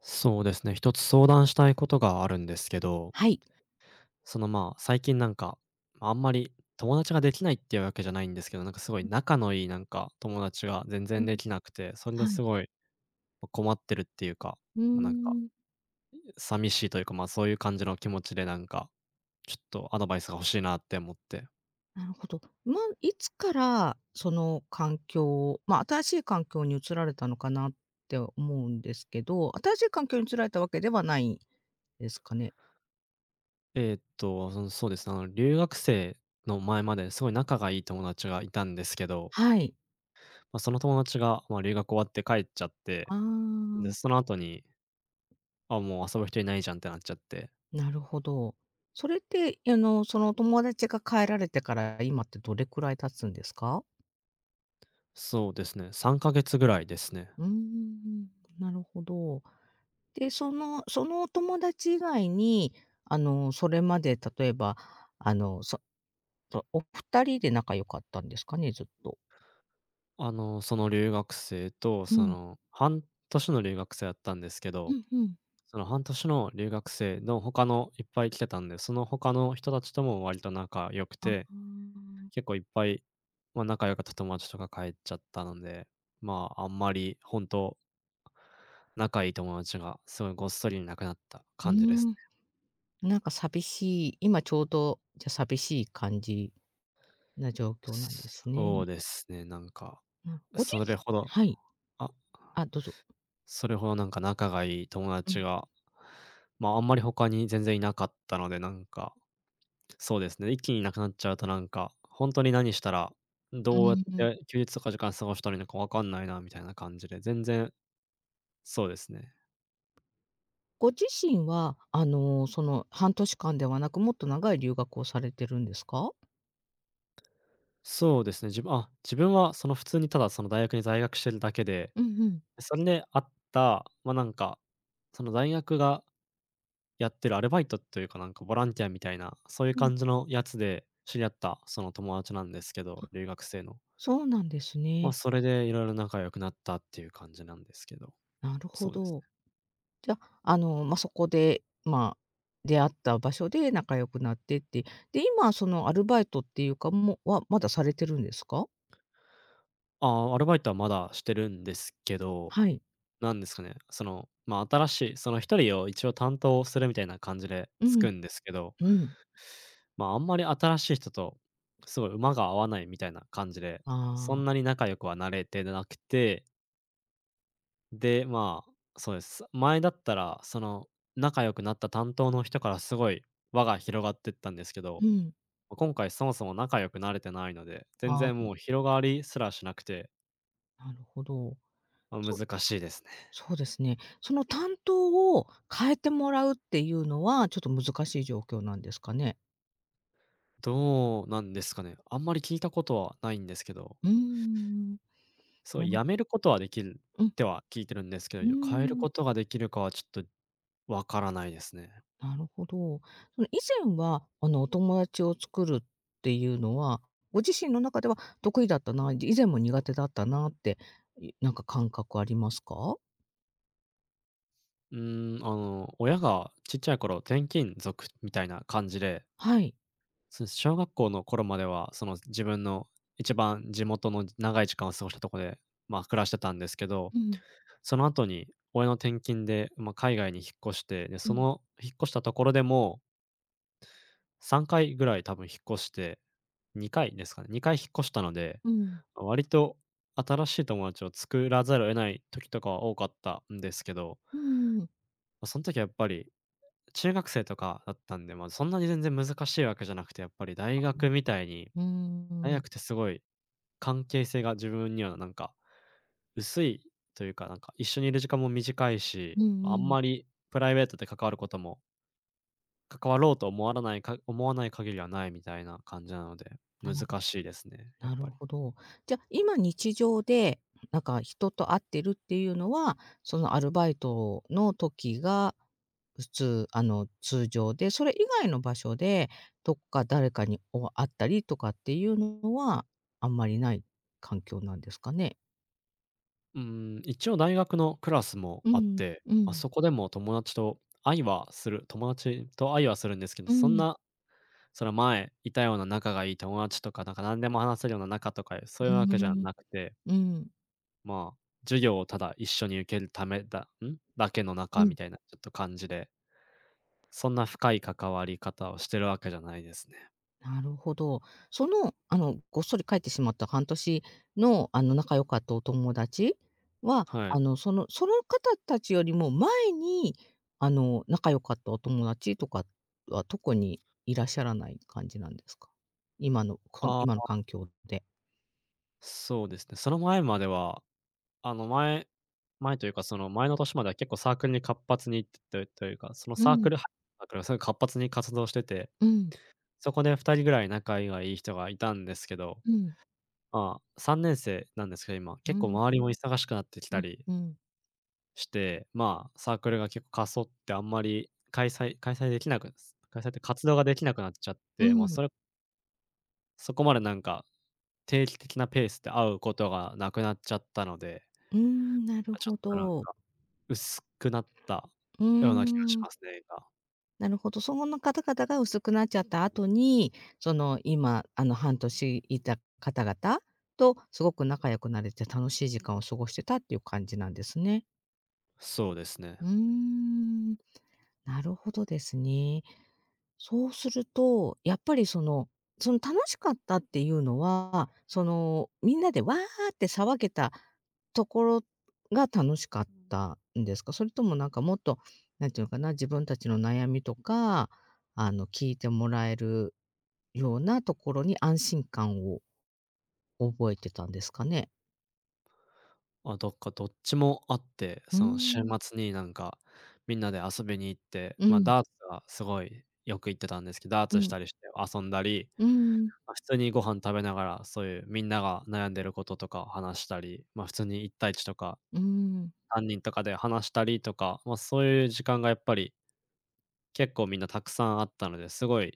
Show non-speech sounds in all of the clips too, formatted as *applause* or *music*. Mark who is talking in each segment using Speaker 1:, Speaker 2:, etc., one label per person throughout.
Speaker 1: そうですね、1つ相談したいことがあるんですけど。
Speaker 2: はい。
Speaker 1: その、まあ、最近なんか、あんまり友達ができないっていうわけじゃないんですけど、なんかすごい
Speaker 2: うん。
Speaker 1: 仲のいいなんか友達が全
Speaker 2: う、
Speaker 1: 然
Speaker 2: うん、
Speaker 1: できなくて、それで
Speaker 2: は
Speaker 1: す
Speaker 2: い。
Speaker 1: ごい、ま、困ってるっていうか、
Speaker 2: うー
Speaker 1: ま、なんか、
Speaker 2: ん。
Speaker 1: うう寂しいというか、ま、そういう感じの気持ちでなんか、ちょっとアドバイスが欲しいなって思って。
Speaker 2: なるほど。ま、いつからその環境、ま、新しい環境に移られたのかな？って思うんですけど、新しい環境に移られたわけではないですかね？
Speaker 1: ええっと、あ、そそうそうですね、あの、留学生の、前まですごい仲がいい友達がいたんですけど。
Speaker 2: はい。
Speaker 1: ま、その友達が、まあ、留学終わって帰っちゃって、
Speaker 2: あ
Speaker 1: んで、
Speaker 2: あ。
Speaker 1: その後にあ、もう遊ぶ人いないじゃんってなっちゃって。
Speaker 2: なるほど。それって、え、あの、そのお友達が帰られてから今ってどれくらい経つんですか？
Speaker 1: そうですね。3ヶ月ぐらいですね。
Speaker 2: うんうんうん、なるほど。で、そのそのお友達以外に、あの、それまで例えば、あの、そとお2人で仲良かったんですかね、ずっと。
Speaker 1: あの、その留学生と
Speaker 2: う
Speaker 1: そ
Speaker 2: ん。
Speaker 1: の半年の留学生だったんですけ
Speaker 2: ふ
Speaker 1: ど、
Speaker 2: んふん。
Speaker 1: その半年の留学生の他のいっぱい来てたんで、その他の人たちとも割と仲良く
Speaker 2: あ
Speaker 1: て、
Speaker 2: あ。
Speaker 1: 結構いっぱい、ま、仲良かった友達とか帰っちゃったので、まあ、あんまり本当仲いい友達がすごいごっそりいなくなった
Speaker 2: うー
Speaker 1: 感じです
Speaker 2: ん。
Speaker 1: ね。
Speaker 2: なんか寂しい、今ちょうどじゃ寂しい感じ、な状況なんで
Speaker 1: す
Speaker 2: す
Speaker 1: そう
Speaker 2: ね。
Speaker 1: ですね、なんか、
Speaker 2: うん、ごじ
Speaker 1: それ
Speaker 2: す
Speaker 1: ほど。
Speaker 2: はい。
Speaker 1: あ
Speaker 2: あ、どうぞ。
Speaker 1: それほどなんか仲がいい友
Speaker 2: う
Speaker 1: 達
Speaker 2: ん。
Speaker 1: が、ま、あんまり他に全然いなかったので、なんか、そうですね、一気にいなくなっちゃうとなんか、ほんとに何したら、ん、
Speaker 2: うー
Speaker 1: どうやっ
Speaker 2: ん。
Speaker 1: て休日とか時間過ごしたらいいのかわかんないなみたいな感じで、全然。そうですね。
Speaker 2: ご自身は、あの、その半年間ではなく、もっと長い留学をされてるんですか？
Speaker 1: そうですね。じぶあ、自分はその普通に、ただ、その大学に在学してるだけで、
Speaker 2: うんうん。
Speaker 1: それであった、ま、なんか、その大学がやってるアルバイトというか、なんかボランティアみたいな、そういう
Speaker 2: うん。
Speaker 1: 感じのやつで知り合ったその友達なんですけど、
Speaker 2: あ、
Speaker 1: 留学生の。
Speaker 2: そうなんです
Speaker 1: まあ、
Speaker 2: ね。
Speaker 1: それで色々仲良くなったっていう感じなんですけど。
Speaker 2: なるほ
Speaker 1: そうです
Speaker 2: ど。
Speaker 1: ね。
Speaker 2: じゃ、あの、ま、そこで、まあ、出会った場所で仲良くなってって。で、今、そのアルバイトって言うか、もう、は、まだされてるんですか？
Speaker 1: ああ、アルバイトは、まだしてるんですけど、
Speaker 2: はい。
Speaker 1: 何ですかね、その、ま、新しい、その1人を一応担当するみたいな感じで
Speaker 2: うん、
Speaker 1: 付くんですけど。
Speaker 2: う
Speaker 1: *sucks teeth*
Speaker 2: ん。
Speaker 1: ま、あんまり新しい人と凄い馬が合わないみたいな感じで、そ
Speaker 2: ああ。
Speaker 1: んなに仲良くはなれてなくてで、ま、そうです。前だったら、その、仲良くなった担当の人から、凄い輪が広がってったんですけど、
Speaker 2: うん。
Speaker 1: ま、今回そもそも仲良くなれてないので、全
Speaker 2: あ
Speaker 1: 然
Speaker 2: あ、ん。
Speaker 1: もう広がりすらしなくて。
Speaker 2: なるほど。
Speaker 1: ま、
Speaker 2: そう、
Speaker 1: 難しいですね。
Speaker 2: そうですね。その担当を変えてもらうっていうのは、ちょっと難しい状況なんですかね？
Speaker 1: どうなんですかね？あんまり聞いたことはないんですけど。
Speaker 2: うんうんうん。
Speaker 1: そう、
Speaker 2: なる
Speaker 1: やめることはできる
Speaker 2: う
Speaker 1: っ
Speaker 2: ん。
Speaker 1: ては聞いてるんですけど、
Speaker 2: う
Speaker 1: い
Speaker 2: ー
Speaker 1: や変える
Speaker 2: ん。
Speaker 1: ことができるかはちょっとわからないですね。
Speaker 2: なるほど。その、以前は、あの、お友達を作るっていうのは、ご自身の中では得意だったな、以前も苦手だったなって、いなんか感覚ありますか？
Speaker 1: うーん、あの、親がちっちゃい頃、転勤族みたいな感じで
Speaker 2: はい。
Speaker 1: そうです、小学校の頃までは、その、自分の一番地元のじ長い時間を過ごしたとこで、まあ、暮らしてたんですけど、
Speaker 2: うん。
Speaker 1: その後に親の転勤で、ま、海外に引っ越して、で、
Speaker 2: う
Speaker 1: そ
Speaker 2: ん。
Speaker 1: の引っ越したところでも3回ぐらい多分引っ越して、2回ですかね、2回引っ越したので、
Speaker 2: うん。
Speaker 1: ま、割と新しい友達を作らざるを得ない時とかは多かったんですけど。
Speaker 2: うーん。
Speaker 1: ま、そん時はやっぱり中学生とかだったんで、ま、そんなに全然難しいわけじゃなくて、やっぱり大学みたいに、
Speaker 2: うー
Speaker 1: 大
Speaker 2: ん。
Speaker 1: 学ってすごい関係性が自分にはなんか、薄いというか、なんか一緒にいる時間も短いし、
Speaker 2: う
Speaker 1: あん
Speaker 2: んうん。
Speaker 1: まりプライベートで関わることも関わろうと思わらないか思わない限りはないみたいな感じなので、
Speaker 2: な
Speaker 1: 難
Speaker 2: る
Speaker 1: しいですね、やっ
Speaker 2: なる
Speaker 1: ぱり。
Speaker 2: ほど。じゃ今日常で、なんか、人と会ってるっていうのは、そのアルバイトの時が、普通、あの通常で、それ以外の場所でどっか誰かに、おあ会ったりとかっていうのは、あんまりない環境なんですかね？
Speaker 1: うーん、一応大学のクラスも
Speaker 2: う
Speaker 1: あっ
Speaker 2: ん
Speaker 1: て、
Speaker 2: う
Speaker 1: あ
Speaker 2: ん。
Speaker 1: そこでも友達と会いはする友達と会いはするんですけど、
Speaker 2: う
Speaker 1: そん
Speaker 2: ん。
Speaker 1: な。その前いたような仲がいい友達とかなんか何でも話せるような仲とかそ
Speaker 2: う
Speaker 1: ういうわけじゃ
Speaker 2: ーん。
Speaker 1: なくて。
Speaker 2: うん。
Speaker 1: まあ、授業をただ一緒に受けるためだん？だけの
Speaker 2: う
Speaker 1: 仲み
Speaker 2: ん。
Speaker 1: たいな、ちょっと感じで。そんな深い関わり方をしてるわけじゃないですね。
Speaker 2: なるほど。その、あの、ごっそり帰ってしまった半年のあの仲良かったお友達？は、
Speaker 1: はい。
Speaker 2: あのそのその方達よりも前に、あの仲良かったお友達とかは特にいらっしゃらない感じなんですか？今の、こ
Speaker 1: あ
Speaker 2: 今の
Speaker 1: あ。
Speaker 2: 環境で。
Speaker 1: そうですね。その前までは、あの、前前というか、その前の年までは結構サークルに活発に、といというか、その
Speaker 2: う
Speaker 1: サーク
Speaker 2: ん。
Speaker 1: ルはサークルはすごい活発に活動してて、
Speaker 2: うん。
Speaker 1: そこで2人ぐらい仲いがいい人がいたんですけど。
Speaker 2: うん。
Speaker 1: あ、3年生なんですけど、今、
Speaker 2: う
Speaker 1: 結構
Speaker 2: ん。
Speaker 1: 周りも忙しくなってき
Speaker 2: う
Speaker 1: た
Speaker 2: ん
Speaker 1: り
Speaker 2: うん。
Speaker 1: して、まあ、サークルが結構過疎ってあんまり、開催開催できなく開催って活動ができなくなっちゃっ
Speaker 2: う
Speaker 1: て、もう
Speaker 2: ん。
Speaker 1: それそこまでなんか、定期的なペースで会うことがなくなっちゃったので。
Speaker 2: うーん、なる
Speaker 1: あ、ちょ
Speaker 2: ほ
Speaker 1: っとなん
Speaker 2: ど。
Speaker 1: か、薄くなった
Speaker 2: うー
Speaker 1: ような気がし
Speaker 2: ん。
Speaker 1: ますね、今。
Speaker 2: なるほど。そのの方々が薄くなっちゃった後に、その、今、あの、半年いた方々とすごく仲良くなれて楽しい時間を過ごしてたっていう感じなんですね？
Speaker 1: そうですね。
Speaker 2: うーん。なるほどですね。そうすると、やっぱりその、その楽しかったっていうのは、そのみんなでわあって騒げたところが楽しかったんですか？それともなんかもっと、何て言うのかな、自分たちの悩みとか、あの、聞いてもらえるようなところに安心感を覚えてたんですかね？
Speaker 1: ま、どっかどっちもあって、
Speaker 2: うー
Speaker 1: その週
Speaker 2: ん。
Speaker 1: 末になんか、みんなで遊びに行って、
Speaker 2: う
Speaker 1: まあ、
Speaker 2: ん。
Speaker 1: ダーツはすごいよく行ってたんですけど、ダー
Speaker 2: う
Speaker 1: ツし
Speaker 2: ん。
Speaker 1: たりして遊んだり、
Speaker 2: うーん。
Speaker 1: ま、普通にご飯食べながらそういうみんなが悩んでることとかを話したり、ま、普通に1対1とか、
Speaker 2: うーん。
Speaker 1: 3人とかで話したりとか、まそういう時間がやっぱり結構みんなたくさんあったので、すごい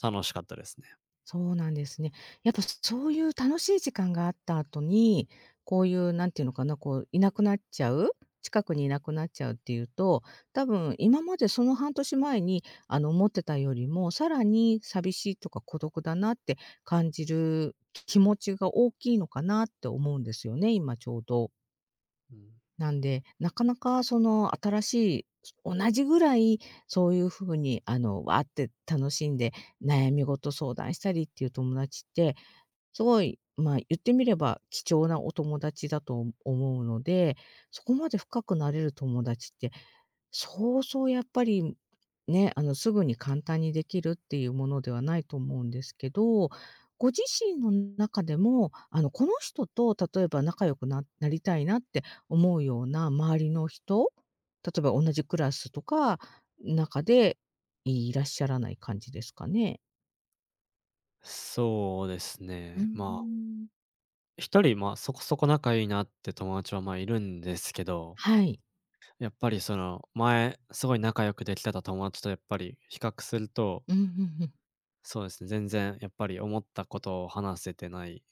Speaker 1: 楽しかったですね。
Speaker 2: そうなんですね。やっぱ、そそういう楽しい時間があった後に、こういう、何て言うのかな、こう、居なくなっちゃう、近くにいなくなっちゃうっていうと、たぶん今までその半年前に、あの、思ってたよりも、さらに寂しいとか孤独だなって感じる気持ちが大きいのかなって思うんですよね、今ちょうど。
Speaker 1: うん。
Speaker 2: なんで、なかなかその新しい、同じぐらい、そういう風にあのわあって楽しんで、悩み事相談したりっていう友達って、すごい、まあ言ってみれば、貴重なお友達だとお思うので、そこまで深くなれる友達って、そうそうやっぱりね、あのすぐに簡単に出来るっていうものではないと思うんですけど、ご自身の中でも、あの、この人と例えば仲良くななりたいなって思うような周りの人、例えば同じクラスとか、中でいらっしゃらない感じですかね？
Speaker 1: そうです
Speaker 2: うー
Speaker 1: ね、まあ
Speaker 2: ん。
Speaker 1: 1人、まあ、そこそこ仲いいなって友達は、ま、いるんですけど
Speaker 2: はい。
Speaker 1: やっぱりその、前すごい仲良くできてた友達とやっぱり比較すると
Speaker 2: うんうんうん。
Speaker 1: そうですね。全然やっぱり思ったことを話せてない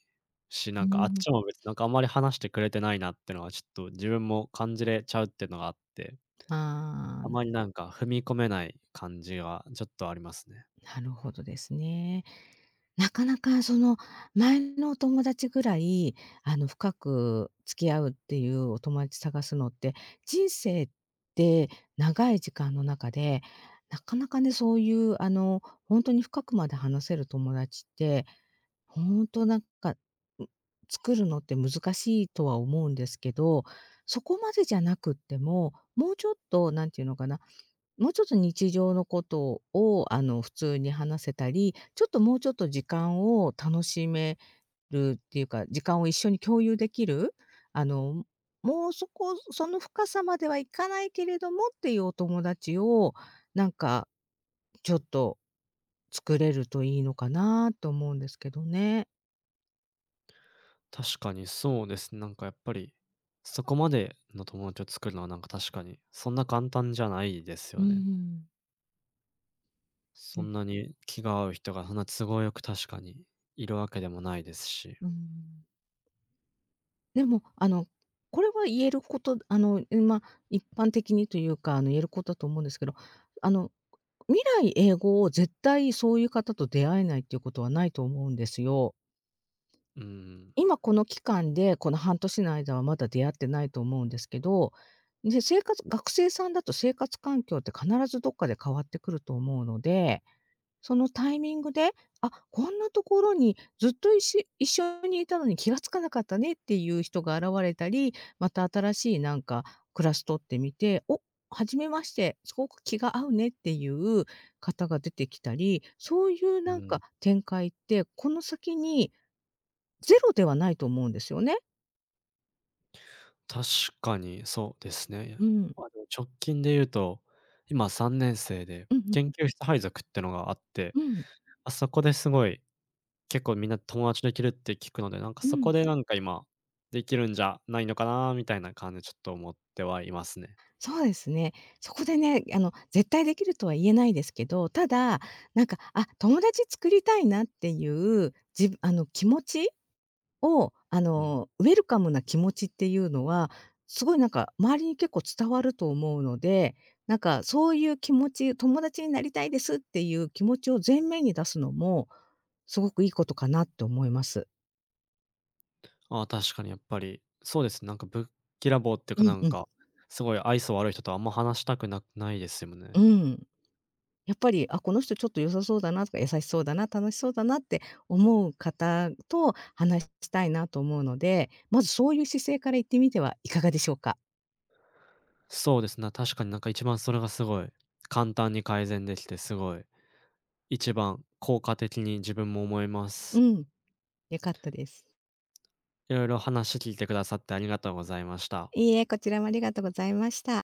Speaker 1: し、
Speaker 2: う
Speaker 1: なん
Speaker 2: ん
Speaker 1: か、あっ
Speaker 2: うん。
Speaker 1: ちも別になんか、あんまり話してくれてないなってのはちょっと、自分も感じれちゃうってのがあって。
Speaker 2: ああ、
Speaker 1: あ
Speaker 2: ん。
Speaker 1: まりなんか、踏み込めない感じはちょっとありますね。
Speaker 2: なるほどですね。なかなか、その、前のお友達ぐらい、あの、深く付き合うっていうお友達探すのって、人生って長い時間の中で、なかなかね、そういう、あの、ほんとに深くまで話せる友達って、ほんとなんか、ん、作るのって難しいとは思うんですけど、そこまでじゃなくっても、もうちょっと、何て言うのかな、もうちょっと日常のことを、あの、普通に話せたり、ちょっともうちょっと時間を楽しめるっていうか、時間を一緒に共有できる。あの、ん、もうそこその深さまではいかないけれどもっていうお友達を、なんか、ちょっと、作れるといいのかなと思うんですけどね。
Speaker 1: 確かにそうです。なんかやっぱり、そこまでの友達を作るのはなんか確かにそんな簡単じゃないです
Speaker 2: うー
Speaker 1: よね。
Speaker 2: ん。
Speaker 1: そ
Speaker 2: で
Speaker 1: ん
Speaker 2: す。
Speaker 1: なに気が合う人がそんな都合よく確かに、いるわけでもないですし。
Speaker 2: うーん。でも、あの、これは言える事あの、ま、一般的にというか、あの、言える事と思うんですけど、あの、未来永劫を絶対そういう方と出会えないっていう事はないと思うんですよ。
Speaker 1: うーん。
Speaker 2: 今この期間で、この半年の間はまだ出会ってないと思うんですけど、で、生活学生さんだと生活環境って必ずどっかで変わってくると思うので、そのタイミングで、あっ、こんな所にずっといっし一緒にいたのに気が付かなかったねっていう人が現れたり、また新しい何かクラス取ってみて「おっ、初めまして、凄く気が合うね」っていう方が出てきたり、そういう
Speaker 1: う
Speaker 2: 何か
Speaker 1: ん。
Speaker 2: 展開って、この先に、0ではないと思うんですよね。
Speaker 1: 確かにそうですね。で
Speaker 2: うん。
Speaker 1: も、あの直近で言うと、今3年生で、
Speaker 2: うんうん。
Speaker 1: 研究室配属っていうのがあって、
Speaker 2: うん。
Speaker 1: あそこですごい結構みんな友達できるって聞くので、なんか
Speaker 2: う
Speaker 1: そこ
Speaker 2: ん。
Speaker 1: でなんか今できるんじゃないのかなみたいな感じでちょっと思ってはいますね。
Speaker 2: そうですね。そこでね、あの絶対出来るとは言えないですけど、ただ、なんか、あっ、友達作りたいなっていう、じあの、気持ちをあ
Speaker 1: うん。
Speaker 2: のウェルカムな気持ちっていうのは、すごいなんか周りに結構伝わると思うので、なんかそういう気持ち「友達になりたいです」っていう気持ちを前面に出すのも、すごくいいことかなって思います。
Speaker 1: ああ、確かにやっぱり。そうです。なんかぶっきらぼうっていうか
Speaker 2: う
Speaker 1: な
Speaker 2: ん
Speaker 1: ん
Speaker 2: うん。
Speaker 1: か、すごい愛想悪い人とあんま話したくなないですよ
Speaker 2: う
Speaker 1: ね。
Speaker 2: ん。やっぱり「あ、この人ちょっと良さそうだなとか、優しそうだな、楽しそうだな」って思う方と話したいなと思うので、まずそういう姿勢から行ってみてはいかがでしょうか？
Speaker 1: そうですな確かになんか一番それがすごい、簡単に改善できてすごい。一番効果的に自分も思えま
Speaker 2: う
Speaker 1: す。
Speaker 2: ん、良かったです。
Speaker 1: いろいろ話聞いてくださってありがとうございました。
Speaker 2: いいえ、こちらもありがとうございました。